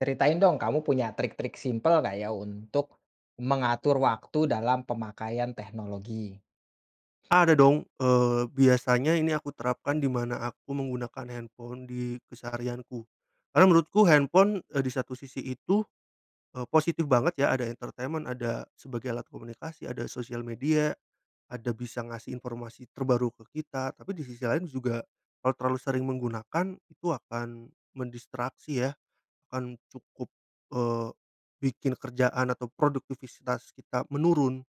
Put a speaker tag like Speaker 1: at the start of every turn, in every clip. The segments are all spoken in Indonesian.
Speaker 1: Ceritain dong kamu punya trik-trik simpel gak ya untuk mengatur waktu dalam pemakaian teknologi?
Speaker 2: Ada dong, eee, biasanya ini aku terapkan di mana aku menggunakan handphone di keseharianku. Karena menurutku handphone, eee, di satu sisi itu, eee, positif banget ya ada entertainment, ada sebagai alat komunikasi, ada sosial media, ada bisa ngasih informasi terbaru ke kita, tapi di sisi lain juga kalau terlalu sering menggunakan, itu akan mendistraksi ya. Akan cukup, eee, bikin kerjaan atau produktivitas kita menurun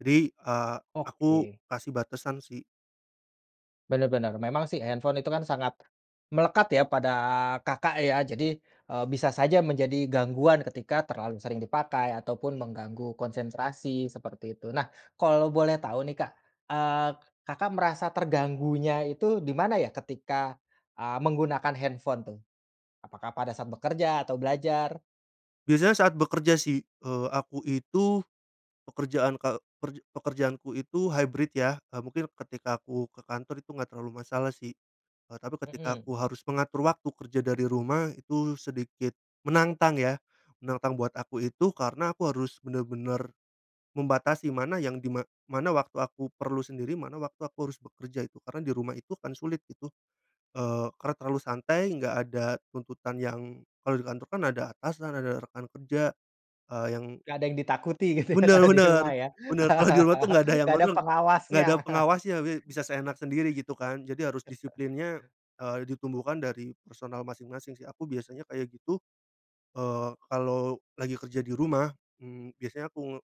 Speaker 2: jadi, eee, aku
Speaker 1: Oke.
Speaker 2: kasih batasan sih.
Speaker 1: Bener bener, memang sih handphone itu kan sangat, melekat ya pada Kakak ya jadi, eee, bisa saja menjadi gangguan ketika terlalu sering dipakai ataupun mengganggu konsentrasi seperti itu. Nah kalau boleh tahu nih Kak, eee, k Kakak merasa terganggunya itu di mana ya ketika, eee, menggunakan handphone tuh? Apakah pada saat bekerja atau belajar?
Speaker 2: Biasanya saat bekerja sih, eee, aku itu pekerjaan ka e perje pekerjaan ku itu hybrid yah, eee, mungkin ketika aku ke kantor itu enggak terlalu masalah sih. Eee, tapi ketika
Speaker 1: Hmm.
Speaker 2: aku harus mengatur waktu kerja dari rumah itu sedikit menantang ya. Menantang buat aku itu karena aku harus bener-bener membatasi mana yang dima mana waktu aku perlu sendiri, mana waktu aku harus bekerja itu karena di rumah itu kan sulit itu, eee, karena terlalu santai enggak ada tuntutan yang kalau di kantor kan ada atasan ada rekan kerja, eee, yang
Speaker 1: Gak ada yang ditakuti gitu ya
Speaker 2: Bener
Speaker 1: kalau di
Speaker 2: bener,
Speaker 1: rumah ya.
Speaker 2: bener kalo di rumah tuh nggak ada yang
Speaker 1: Gak ada
Speaker 2: ngatur. Nggak
Speaker 1: pengawasnya.
Speaker 2: ada pengawasnya bi bisa seenak sendiri gitu kan jadi harus disiplinnya, eee, ditumbuhkan dari personal masing-masing sih aku biasanya kayak gitu. Eee, kalau lagi kerja di rumah, mmm, biasanya aku nge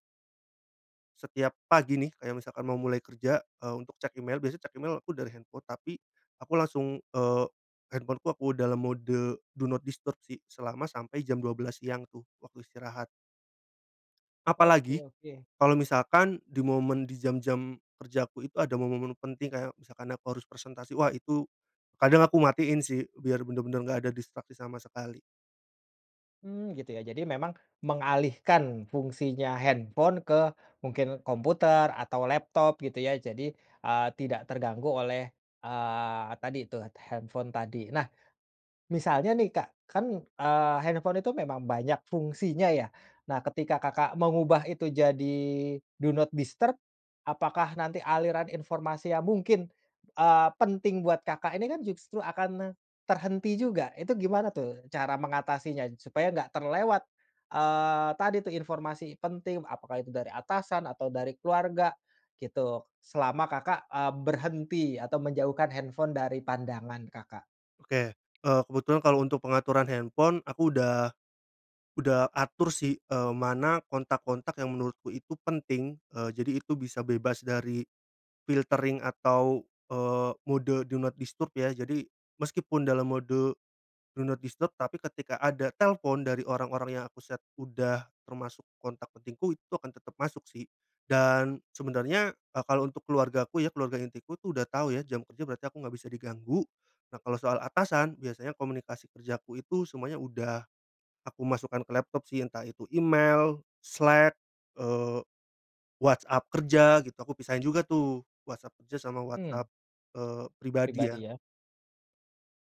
Speaker 2: setiap pagi nih, kayak misalkan mau mulai kerja, eee, untuk cek email, biasanya cek email aku dari handphone tapi aku langsung, eee, handphone-ku, aku dalam mode do not disturb sih selama sampai jam 12.00 siang tuh waktu istirahat.
Speaker 1: Oke
Speaker 2: Apalagi
Speaker 1: oke.
Speaker 2: kalo misalkan di momen di jam-jam kerjaku itu ada momen-momen penting kayak misalkan aku harus presentasi, wah itu kadang aku matiin sih biar bener-bener nggak ada distraksi sama sekali.
Speaker 1: Mmm, gitu ya jadi memang mengalihkan fungsinya handphone ke mungkin komputer atau laptop gitu ya jadi, eee, tidak terganggu oleh, eee, tadi tuh t handphone tadi. Nah, misalnya nih Kak kan, eee, handphone itu memang banyak fungsinya yah, nah ketika Kakak mengubah itu jadi do not disturb, apakah nanti aliran informasi yang mungkin, eee, penting buat Kakak ini kan justru akan ne terhenti juga? Itu gimana tuh cara mengatasinya supaya enggak terlewat, eee, tadi tuh informasi penting, apakah itu dari atasan atau dari keluarga, gitu selama Kakak, eee, berhenti atau menjauhkan handphone dari pandangan Kakak?
Speaker 2: Oke, eee, kebetulan kalau untuk pengaturan handphone aku udah, udah atur sih, eee, mana kontak-kontak yang menurutku itu penting, eee, jadi itu bisa bebas dari filtering atau, eee, mode do not disturb ya jadi meskipun dalam mode do not disturb tapi ketika ada telpon dari orang-orang yang aku set udah termasuk kontak pentingku itu akan tetap masuk sih. Dan sebenarnya, e kalo untuk keluargaku ya, keluarga inti ku tuh udah tahu ya jam kerja berarti aku nggak bisa diganggu. Nah kalau soal atasan biasanya komunikasi kerjaku itu semuanya udah aku masukkan ke laptop sih entah itu email, Slack, eee, WhatsApp kerja gitu aku pisahin juga tuh WhatsApp kerja sama
Speaker 1: Mmm.
Speaker 2: WhatsApp, eee, pribadi
Speaker 1: Pribadi
Speaker 2: ya.
Speaker 1: ya.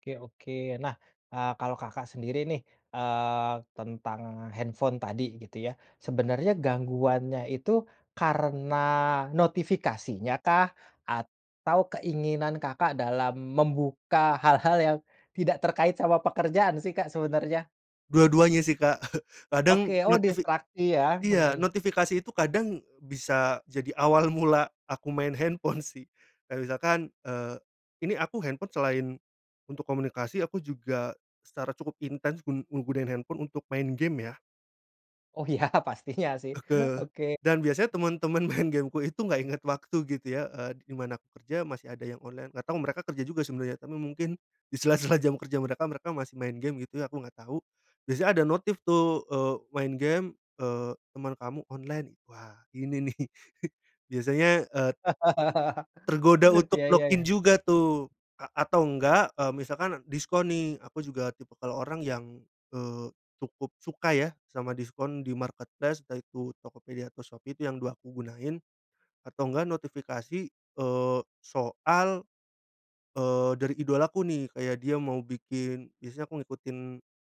Speaker 1: Oke oke nah, eee, kalau Kakak sendiri nih, eee, tentang handphone tadi gitu yah. Sebenarnya gangguannya itu karena notifikasinya kah atau keinginan Kakak dalam membuka hal-hal yang tidak terkait sama pekerjaan sih Kak, sebenarnya?
Speaker 2: Dua-duanya sih, Kak. Kadang
Speaker 1: Oke. Oh
Speaker 2: notifi
Speaker 1: distraksi ya?
Speaker 2: iya
Speaker 1: Heeh.
Speaker 2: notifikasi itu kadang bisa jadi awal mula aku main handphone sih. Kayak misalkan, eee, ini aku handphone selain, untuk komunikasi aku juga, secara cukup intens gun menggunain handphone untuk main gim ya.
Speaker 1: Oh ya pastinya sih.
Speaker 2: Oke.
Speaker 1: Oke.
Speaker 2: Dan biasanya temen-temen main game-ku itu gak inget waktu gitu ya. Eee, di mana aku kerja masih ada yang online, gak tau mereka kerja juga sebenarnya, tapi mungkin di sela-sela jam kerja mereka, mereka masih main gim gitu ya aku nggak tahu. Biasanya ada notif tuh, eee, main gim, eee, teman kamu online. Wah ini nih biasanya, eee tergoda untuk
Speaker 1: Ya
Speaker 2: log
Speaker 1: ya
Speaker 2: in
Speaker 1: ya.
Speaker 2: juga tuh a atau enggak, eee, misalkan diskon nih aku juga tipikal orang yang, eee, cukup suka ya sama diskon di-marketplace, yaitu Tokopedia atau Shopee itu yang 2 aku gunain. Atau enggak notifikasi, eee, soal, eee, dari idolaku nih, kayak dia mau bikin biasanya aku ngikutin,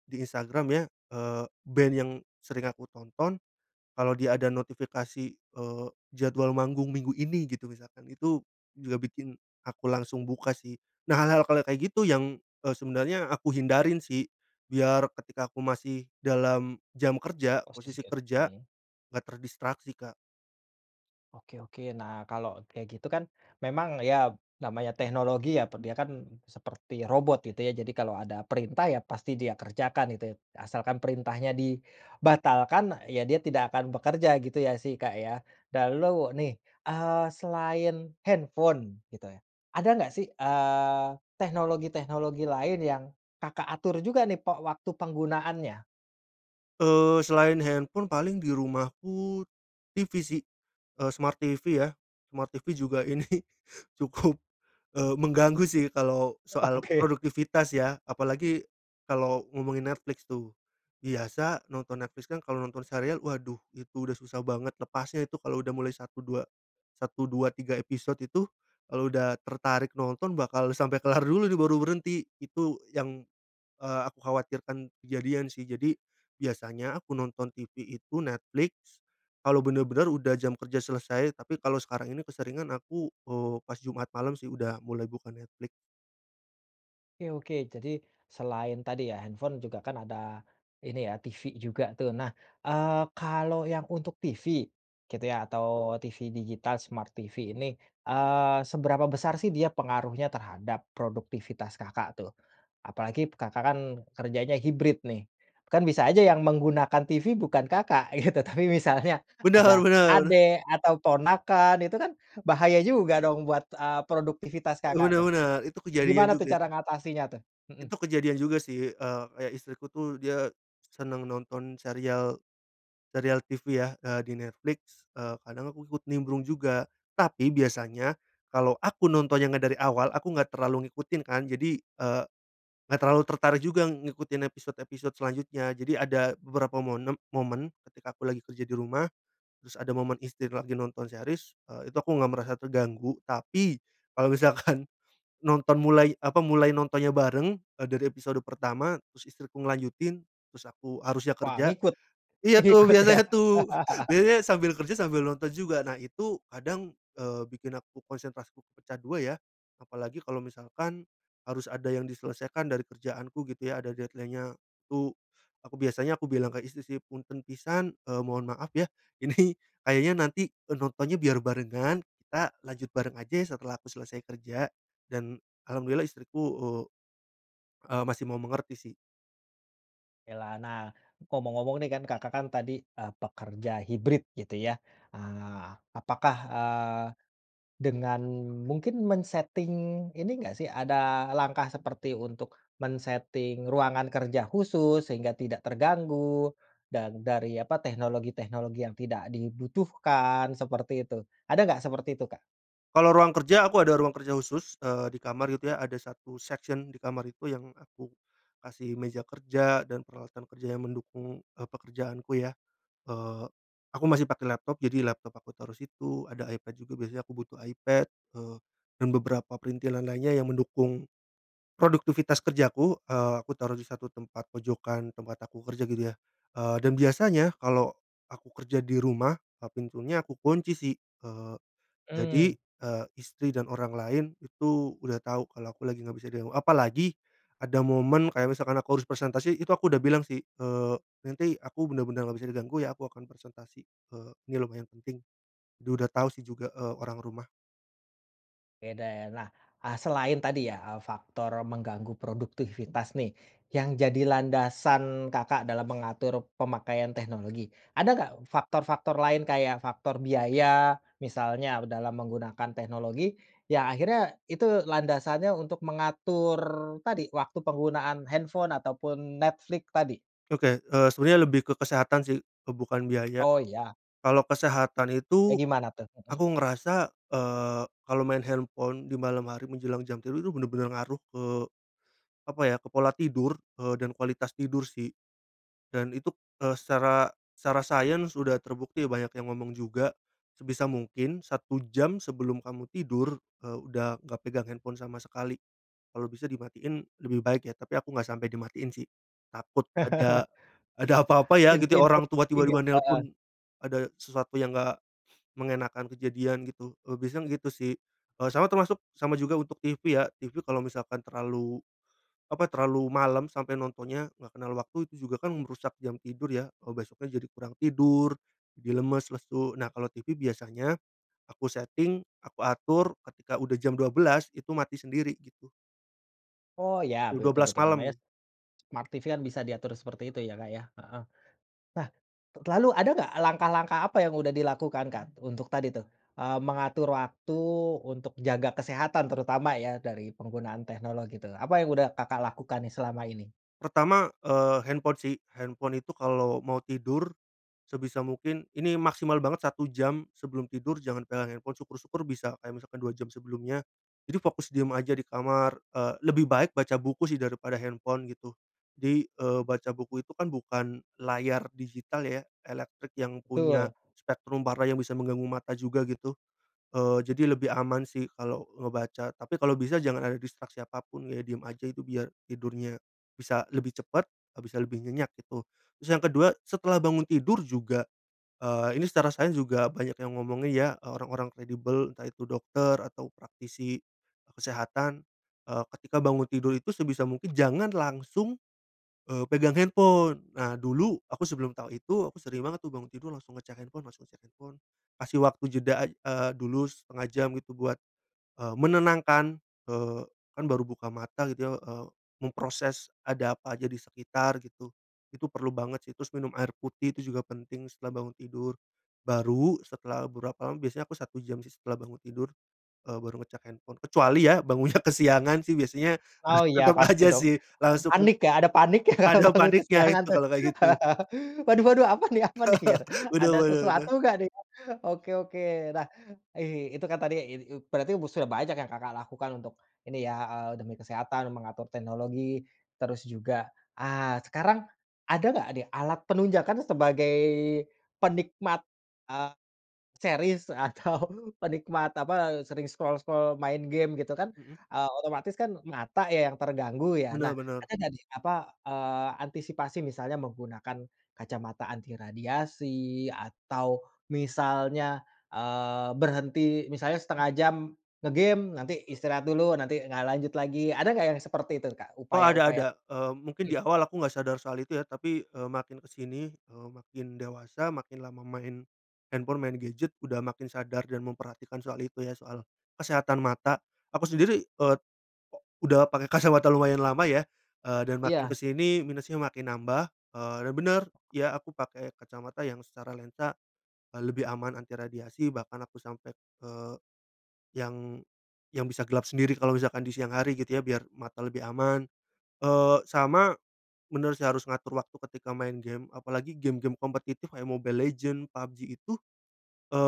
Speaker 2: di Instagram ya, eee, band yang sering aku tonton, kalau dia ada notifikasi, eee, jadwal manggung Minggu ini gitu misalkan itu juga bikin aku langsung buka sih. Nah hal-hal kalau kayak gitu yang, eee, sebenarnya aku hindarin sih. Biar ketika aku masih dalam jam kerja,
Speaker 1: Posisi
Speaker 2: posisi
Speaker 1: ker
Speaker 2: kerja,
Speaker 1: hmm.
Speaker 2: gak terdistraksi, Kak.
Speaker 1: Oke oke. Nah kalau kayak gitu kan memang ya namanya teknologi ya, dia kan seperti robot gitu ya. Jadi kalau ada perintah ya pasti dia kerjakan gitu ya, asalkan perintahnya dibatalkan ya dia tidak akan bekerja gitu ya sih, Kak, ya, lalu nih, eee, selain handphone gitu ya, ada gak sih, eee, teknologi-teknologi lain yang Kakak atur juga nih pe waktu penggunaannya?
Speaker 2: Eee, selain handphone paling di rumahku TV sih. Eee, smart TV ya, smart TV juga ini cukup, eee, mengganggu sih kalau soal
Speaker 1: Oke.
Speaker 2: produktivitas ya. Apalagi, kalau ngomongin Netflix tuh, biasa nonton Netflix kan kalau nonton serial waduh itu udah susah banget lepasnya itu kalau udah mulai 1, 2, 1, 2, 3 episode itu, kalau udah tertarik nonton bakal sampai kelar dulu nih baru berhenti. Itu yang, eee, aku khawatirkan kejadian sih. Jadi, biasanya aku nonton TV itu Netflix, kalau bener-bener udah jam kerja selesai, tapi kalau sekarang ini keseringan aku, eee, pas Jumat malam sih udah mulai buka Netflix.
Speaker 1: Oke oke. Jadi selain tadi ya handphone juga kan ada, ini ya TV juga tuh. Nah, eee, kalau yang untuk TV gitu ya atau TV digital smart TV ini, eee, seberapa besar sih dia pengaruhnya terhadap produktivitas Kakak tuh? Apalagi Kakak kan kerjanya hybrid nih. Kan bisa aja yang menggunakan TV bukan Kakak gitu tapi misalnya ada
Speaker 2: Bener bener.
Speaker 1: adik atau ponakan itu kan bahaya juga dong buat, eee, produktivitas
Speaker 2: Eee,
Speaker 1: Kakak
Speaker 2: bener
Speaker 1: tuh.
Speaker 2: bener. Itu kejadian
Speaker 1: Gimana tuh
Speaker 2: juga
Speaker 1: cara
Speaker 2: sih.
Speaker 1: ngatasinya tuh? Heeh.
Speaker 2: Itu kejadian juga sih, eee, kayak istriku tuh dia senang nonton serial, serial TV ya, eee, di Netflix. Eee, kadang aku ikut nimbrung juga tapi biasanya, kalau aku nontonnya nggak dari awal aku enggak terlalu ngikutin kan, jadi, eee, nggak terlalu tertarik juga ngikutin episode-episode selanjutnya. Jadi ada beberapa monem momen, ketika aku lagi kerja di rumah, terus ada momen istri lagi nonton series, eee, itu aku nggak merasa terganggu. Tapi kalau misalkan nonton mulai apa mulai nontonnya bareng, eee, dari episode pertama terus istriku ngelanjutin, terus aku harusnya
Speaker 1: Wah
Speaker 2: kerja,
Speaker 1: ngikut.
Speaker 2: iya tuh
Speaker 1: Ngikut ya?
Speaker 2: biasanya tuh, biasanya sambil kerja sambil nonton juga. Nah itu kadang, eee, bikin aku konsentrasiku pecah dua ya. Apalagi kalau misalkan, harus ada yang diselesaikan dari kerjaanku gitu ya ada deadline-nya, itu, aku biasanya aku bilang ke istri sih, "Punten pisan," eee, "mohon maaf ya ini kayaknya nanti," eee, "nontonnya biar barengan, kita lanjut bareng aja ya setelah aku selesai kerja." Dan alhamdulillah istriku, eee, eee, masih mau mengerti sih.
Speaker 1: Oke lah. Nah, ngomong-ngomong nih kan Kakak kan tadi, eee, pekerja hybrid gitu ya. Eee, apakah, eee, dengan mungkin men-setting ini nggak sih, ada langkah seperti untuk men-setting ruangan kerja khusus sehingga tidak terganggu, dan dari apa teknologi-teknologi yang tidak dibutuhkan seperti itu. Ada nggak seperti itu, Kak?
Speaker 2: Kalau ruang kerja aku ada ruang kerja khusus, eee, di kamar itu ya. Ada satu section di kamar itu yang aku, kasih meja kerja dan peralatan kerja yang mendukung, eee, pekerjaanku ya. Eee, aku masih pakai laptop, jadi laptop aku taruh situ, ada iPad juga biasanya aku butuh iPad, eee, dan beberapa printilan lainnya yang mendukung, produktivitas kerjaku, eee, aku taruh di satu tempat pojokan tempat aku kerja gitu ya. Eee, dan biasanya kalau aku kerja di rumah, eee, pintunya aku kunci sih. Eee, jadi,
Speaker 1: Hmm.
Speaker 2: eee, istri dan orang lain itu udah tahu kalau aku lagi nggak bisa diganggu. Apalagi, ada momen kayak misalkan aku harus presentasi itu aku udah bilang sih, eee, "Nanti aku bener-bener nggak bisa diganggu ya aku akan presentasi, eee, ini lumayan penting." Dia udah tahu sih juga, eee, orang rumah.
Speaker 1: Oke deh. Nah, eee, selain tadi ya, eee, faktor mengganggu produktivitas nih, yang jadi landasan Kakak dalam mengatur pemakaian teknologi, ada nggak faktor-faktor lain kayak faktor biaya, misalnya dalam menggunakan teknologi yang akhirnya itu landasannya untuk mengatur tadi waktu penggunaan handphone ataupun Netflix tadi?
Speaker 2: Oke, eee, sebenarnya lebih ke kesehatan sih, eee, bukan biaya.
Speaker 1: Oh ya.
Speaker 2: Kalau kesehatan itu,
Speaker 1: Kayak gimana tuh? Hmm.
Speaker 2: aku ngerasa, eee, kalau main handphone di malam hari menjelang jam tidur itu bener-bener ngaruh ke, apa ya, ke pola tidur, eee, dan kualitas tidur sih. Dan itu, eee, secara secara sains udah terbukti banyak yang ngomong juga, sebisa mungkin 1 jam sebelum kamu tidur, eee, udah nggak pegang handphone sama sekali, kalau bisa dimatiin lebih baik ya, tapi aku nggak sampai dimatiin sih, takut ada ada apa-apa ya gitu.
Speaker 1: Info-info
Speaker 2: Orang tua
Speaker 1: penting
Speaker 2: tiba-tiba
Speaker 1: ya? Heeh.
Speaker 2: nelpon, ada sesuatu yang enggak, mengenakan kejadian gitu. Eee, biasanya yang gitu sih. Eee, sama termasuk sama juga untuk TV ya, TV kalau misalkan terlalu, apa terlalu malam sampai nontonnya nggak kenal waktu, itu juga kan merusak jam tidur ya, eee, besoknya jadi kurang tidur, jadi lemes, lesu. Nah kalau TV biasanya aku seting, aku atur ketika udah jam 12.00 itu mati sendiri gitu.
Speaker 1: Oh ya,
Speaker 2: U dua
Speaker 1: betul
Speaker 2: belas
Speaker 1: betul. Namanya,
Speaker 2: malam.
Speaker 1: smart TV kan bisa diatur seperti itu ya, Kak, ya, heeh. Nah, lalu ada nggak langkah-langkah apa yang udah dilakukan, Kak, untuk tadi tuh, eee, mengatur waktu untuk jaga kesehatan terutama ya dari penggunaan teknologi tuh, apa yang udah Kakak lakukan nih selama ini?
Speaker 2: Pertama, eee, handphone sih. Handphone itu kalau mau tidur, sebisa mungkin ini maksimal banget 1 jam sebelum tidur jangan pegang handphone syukur-syukur bisa kayak misalkan 2 jam sebelumnya, jadi fokus diam aja di kamar, eee, lebih baik baca buku sih daripada handphone gitu. Jadi, eee, baca buku itu kan bukan layar digital ya elektrik yang punya,
Speaker 1: Betul.
Speaker 2: spektrum parah yang bisa mengganggu mata juga gitu. Eee, jadi lebih aman sih kalau ngebaca. Tapi kalau bisa jangan ada distraksi apa pun ya, diem aja itu biar tidurnya, bisa lebih cepat, eee, bisa lebih nyenyak gitu. Terus yang kedua setelah bangun tidur juga, eee, ini secara sains juga banyak yang ngomongin ya, eee, orang-orang kredibel entah itu dokter atau praktisi kesehatan, eee, ketika bangun tidur itu sebisa mungkin jangan langsung, eee, pegang handphone. Nah dulu aku sebelum tahu itu aku sering banget tuh bangun tidur langsung ngecek handphone langsung ngecek handphone. Kasih waktu jeda aj eee, dulu setengah jam gitu buat, eee, menenangkan, eee, kan baru buka mata gitu ya, eee, memproses ada apa aja di sekitar gitu. Itu perlu banget sih terus minum air putih itu juga penting setelah bangun tidur. Baru setelah beberapa lam biasanya aku 1 jam sih setelah bangun tidur, eee, baru ngecek handphone. Kecuali ya bangunnya kesiangan sih biasanya
Speaker 1: Oh iya,
Speaker 2: tetap
Speaker 1: pasti
Speaker 2: aja
Speaker 1: dong.
Speaker 2: sih langsung
Speaker 1: Panik ya. Ada paniknya, kalau
Speaker 2: ada
Speaker 1: bangun
Speaker 2: paniknya
Speaker 1: kesiangan
Speaker 2: itu
Speaker 1: tuh.
Speaker 2: kalau kayak gitu.
Speaker 1: Waduh-waduh apa nih apa nih, gitu.
Speaker 2: Bener
Speaker 1: Ada
Speaker 2: bener
Speaker 1: sesuatu
Speaker 2: tuh.
Speaker 1: gak nih? Oke oke. Nah i itu kan tadi i i berarti bu sudah banyak yang Kakak lakukan untuk ini ya, eee, demi kesehatan, mengatur teknologi, terus juga ah, sekarang ada nggak nih alat penunjang karna sebagai penikmat, eee, series atau penikmat apa, eee, sering scroll-scroll, main game gitu kan,
Speaker 2: Heeh.
Speaker 1: eee, otomatis kan mata ya yang terganggu ya? Nah,
Speaker 2: Bener bener.
Speaker 1: ada nggak nih, apa, eee, antisipasi misalnya menggunakan kacamata anti radiasi atau misalnya, eee, berhenti misalnya setengah jam nge-game, nanti istirahat dulu nanti nga lanjut lagi. Ada nggak yang seperti itu, Kak,
Speaker 2: Oh ada
Speaker 1: upaya-upaya
Speaker 2: ada. Eee, mungkin di
Speaker 1: Hmm.
Speaker 2: awal aku nggak sadar soal itu ya tapi, eee, makin ke sini, eee, makin dewasa makin lama main, handphone main gadget udah makin sadar dan memperhatikan soal itu ya soal kesehatan mata. Aku sendiri, eee, udah pakai kacamata lumayan lama ya, eee, dan makin ke
Speaker 1: Iya.
Speaker 2: sini minusnya makin nambah, eee, dan bener ya aku pakai kacamata yang secara lensa, eee, lebih aman anti radiasi bahkan aku sampai, eee, yang yang bisa gelap sendiri kalau misalkan di siang hari gitu ya biar mata lebih aman. Eee, sama, bener sih harus ngatur waktu ketika main gim apalagi gim-gim kompetitif kayak Mobile Legend, PUBG itu,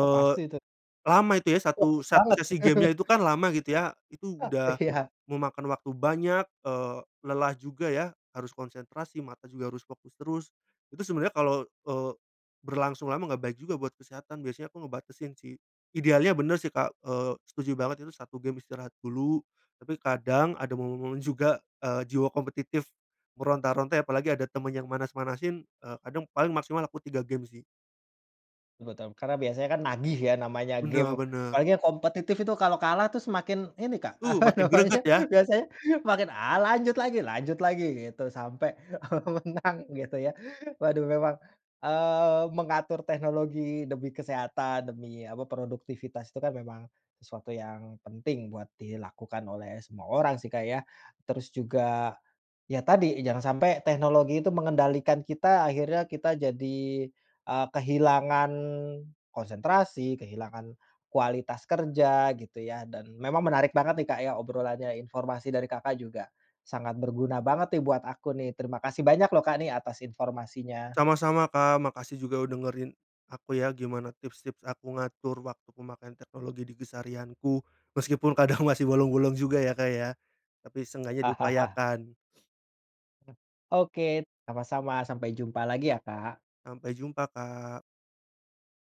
Speaker 1: Oh pasti itu.
Speaker 2: lama itu ya, satu
Speaker 1: Fokus
Speaker 2: satu
Speaker 1: banget.
Speaker 2: sesi game-nya itu kan lama gitu ya, itu
Speaker 1: Ah,
Speaker 2: udah,
Speaker 1: iya.
Speaker 2: memakan waktu banyak, eee, lelah juga ya. Harus konsentrasi mata juga harus fokus terus, itu sebenarnya kalau, eee, berlangsung lama nggak baik juga buat kesehatan biasanya aku ngebatesin sih. Idealnya bener sih, Kak, eee, setuju banget itu 1 gim istirahat dulu, tapi kadang ada momen-momen juga, eee, jiwa kompetitif, meronta-ronta ya, apalagi ada temen yang manas-manasin, eee, kadang paling maksimal aku 3 gim sih.
Speaker 1: Ah, betul Karena biasanya kan nagih ya, namanya
Speaker 2: Bener
Speaker 1: gim,
Speaker 2: bener.
Speaker 1: apalagi yang kompetitif itu kalau kalah tuh semakin ini, Kak,
Speaker 2: Uh,
Speaker 1: apa
Speaker 2: makin greget
Speaker 1: namanya,
Speaker 2: ya.
Speaker 1: biasanya makin, ah, lanjut lagi lanjut lagi gitu, sampai, eee, menang gitu ya. Waduh, memang, eee, mengatur teknologi demi kesehatan, demi apa, produktivitas, itu kan memang sesuatu yang penting buat dilakukan oleh semua orang sih, Kak, ya. Terus juga ya tadi, jangan sampai teknologi itu mengendalikan kita akhirnya kita jadi, eee, kehilangan konsentrasi, kehilangan kualitas kerja gitu ya, dan memang menarik banget nih, Kak, ya obrolannya, informasi dari Kakak juga, sangat berguna banget nih buat aku nih. Terima kasih banyak loh, Kak, nih atas informasinya.
Speaker 2: Sama-sama, Kak. Makasih juga udah dengerin aku ya gimana tips-tips aku ngatur waktu pemakaian teknologi di keseharianku, meskipun kadang masih bolong-bolong juga ya, Kak, ya, tapi seenggaknya diupayakan.
Speaker 1: E oke sama-sama, sampai jumpa lagi ya, Kak.
Speaker 2: Sampai jumpa, Kak.